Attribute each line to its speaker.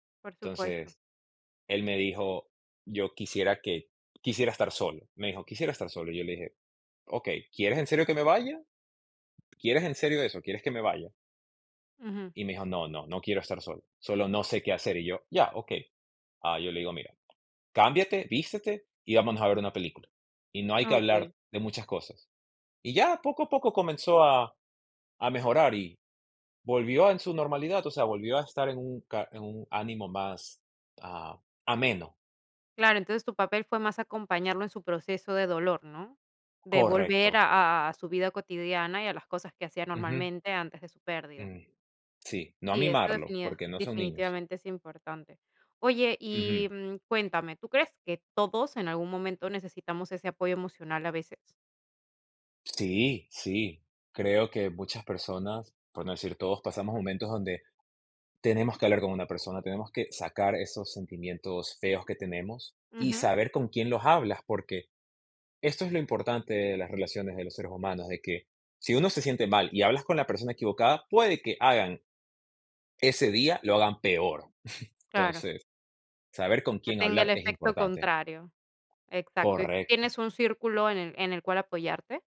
Speaker 1: Por supuesto.
Speaker 2: Entonces, él me dijo: "Yo quisiera que quisiera estar solo". Me dijo: "Quisiera estar solo". Y yo le dije: "Okey, ¿quieres en serio que me vaya? ¿Quieres en serio eso? ¿Quieres que me vaya?"
Speaker 1: Ujú.
Speaker 2: Y me dijo: "No, no. No quiero estar solo. Solo no sé qué hacer". Y yo: "Ya, okey". Ah, yo le digo: "Mira, cámbiate, vístete, y vámonos a ver una película, y no hay que hablar
Speaker 1: Okey.
Speaker 2: de muchas cosas". Y ya, poco a poco comenzó a a mejorar, y volvió en su normalidad, o sea, volvió a estar en un ca en un ánimo más, ah, ameno.
Speaker 1: Claro, entonces tu papel fue más acompañarlo en su proceso de dolor, ¿no? De volver
Speaker 2: Correcto.
Speaker 1: a a su vida cotidiana, y a las cosas que hacía
Speaker 2: Ujú.
Speaker 1: normalmente antes de su pérdida.
Speaker 2: Mm. Sí. No a
Speaker 1: Sí, esto
Speaker 2: mimarlo,
Speaker 1: definia
Speaker 2: porque no son niños.
Speaker 1: definitivamente es importante. Oye, y,
Speaker 2: Ujú.
Speaker 1: mm, cuéntame, ¿tú crees que todos, en algún momento, necesitamos ese apoyo emocional a veces?
Speaker 2: Sí, sí. Creo que muchas personas, por no decir todos, pasamos momentos donde tenemos que hablar con una persona. Tenemos que sacar esos sentimientos feos que tenemos, y
Speaker 1: Ujú.
Speaker 2: saber con quién los hablas, porque esto es lo importante de las relaciones de los seres humanos, de que si uno se siente mal y hablas con la persona equivocada, puede que hagan ese día, lo hagan peor.
Speaker 1: Claro.
Speaker 2: Entonces, saber con
Speaker 1: Que
Speaker 2: quién
Speaker 1: tenga el
Speaker 2: hablar es
Speaker 1: efecto
Speaker 2: importante.
Speaker 1: contrario. Exacto, ¿y tú
Speaker 2: Correcto.
Speaker 1: tienes un círculo en el en el cual apoyarte?